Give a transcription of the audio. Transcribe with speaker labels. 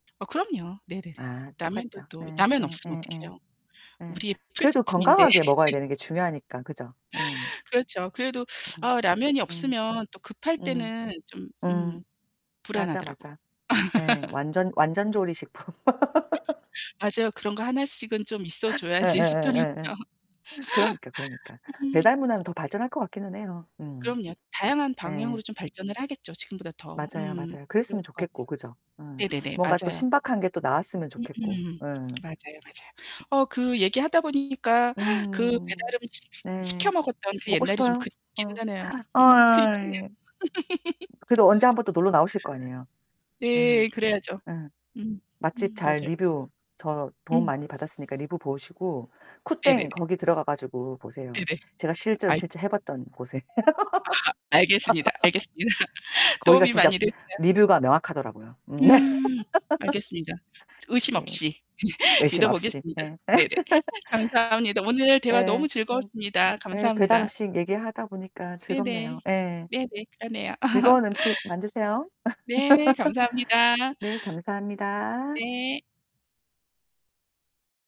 Speaker 1: 아, 그럼요. 네네네.
Speaker 2: 아
Speaker 1: 라면도
Speaker 2: 똑같죠.
Speaker 1: 또
Speaker 2: 예
Speaker 1: 라면 없으면
Speaker 2: 예예예.
Speaker 1: 어떡해요?
Speaker 2: 예
Speaker 1: 우리의
Speaker 2: 그래도
Speaker 1: 필수품인데.
Speaker 2: 건강하게 먹어야 되는 게 중요하니까, 그죠? 예.
Speaker 1: 그렇죠. 그래도
Speaker 2: 음
Speaker 1: 아 라면이
Speaker 2: 음.
Speaker 1: 없으면 또 급할
Speaker 2: 음.
Speaker 1: 때는 좀
Speaker 2: 음.
Speaker 1: 음
Speaker 2: 맞아,
Speaker 1: 불안하더라고요.
Speaker 2: 맞아. 예, 완전 완전 조리식품.
Speaker 1: 맞아요. 그런 거 하나씩은 좀 있어 줘야지 싶더라고요.
Speaker 2: 예예예예예. 그러니까, 그러니까.
Speaker 1: 음.
Speaker 2: 배달 문화는 더 발전할 것 같기는 해요. 음.
Speaker 1: 그럼요. 다양한
Speaker 2: 예.
Speaker 1: 방향으로 좀 발전을 하겠죠, 지금보다 더.
Speaker 2: 맞아요,
Speaker 1: 음
Speaker 2: 맞아요.
Speaker 1: 그럴
Speaker 2: 그랬으면
Speaker 1: 것
Speaker 2: 좋겠고
Speaker 1: 같아요.
Speaker 2: 그죠? 음
Speaker 1: 네네네.
Speaker 2: 뭔가 또
Speaker 1: 맞아요.
Speaker 2: 신박한 게 또 나왔으면 좋겠고.
Speaker 1: 음음.
Speaker 2: 예.
Speaker 1: 맞아요, 맞아요. 어 그 얘기 하다 보니까 그
Speaker 2: 음.
Speaker 1: 배달음식 시
Speaker 2: 네.
Speaker 1: 시켜 먹었던 그
Speaker 2: 먹고
Speaker 1: 옛날이 좀
Speaker 2: 싶어요?
Speaker 1: 그립기는
Speaker 2: 어
Speaker 1: 하네요. 음 그립긴 해요.
Speaker 2: 어이. 그래도 언제 한번 또 놀러 나오실 거 아니에요. 예.
Speaker 1: 네, 그래야죠.
Speaker 2: 예.
Speaker 1: 음.
Speaker 2: 맛집
Speaker 1: 음.
Speaker 2: 잘
Speaker 1: 맞아요.
Speaker 2: 리뷰 저 도움
Speaker 1: 음.
Speaker 2: 많이 받았으니까 리뷰 보시고 쿠땡
Speaker 1: 네네네.
Speaker 2: 거기 들어가 가지고 보세요.
Speaker 1: 네네.
Speaker 2: 제가 실제로 실제 해
Speaker 1: 알겠습니다.
Speaker 2: 봤던 곳에.
Speaker 1: 아 알겠습니다. 알겠습니다.
Speaker 2: 거기가
Speaker 1: 도움이
Speaker 2: 진짜
Speaker 1: 많이 됐어요.
Speaker 2: 리뷰가 명확하더라고요. 음.
Speaker 1: 음 알겠습니다. 의심
Speaker 2: 네.
Speaker 1: 없이
Speaker 2: 의심
Speaker 1: 믿어
Speaker 2: 없이.
Speaker 1: 보겠습니다.
Speaker 2: 예.
Speaker 1: 네네. 감사합니다. 오늘 대화
Speaker 2: 예.
Speaker 1: 너무
Speaker 2: 음.
Speaker 1: 즐거웠습니다.
Speaker 2: 예,
Speaker 1: 감사합니다.
Speaker 2: 배달음식 얘기하다 보니까
Speaker 1: 네네.
Speaker 2: 즐겁네요. 예.
Speaker 1: 네네. 그러네요.
Speaker 2: 즐거운 음식 만드세요.
Speaker 1: 네. 감사합니다.
Speaker 2: 네 감사합니다.
Speaker 1: 네.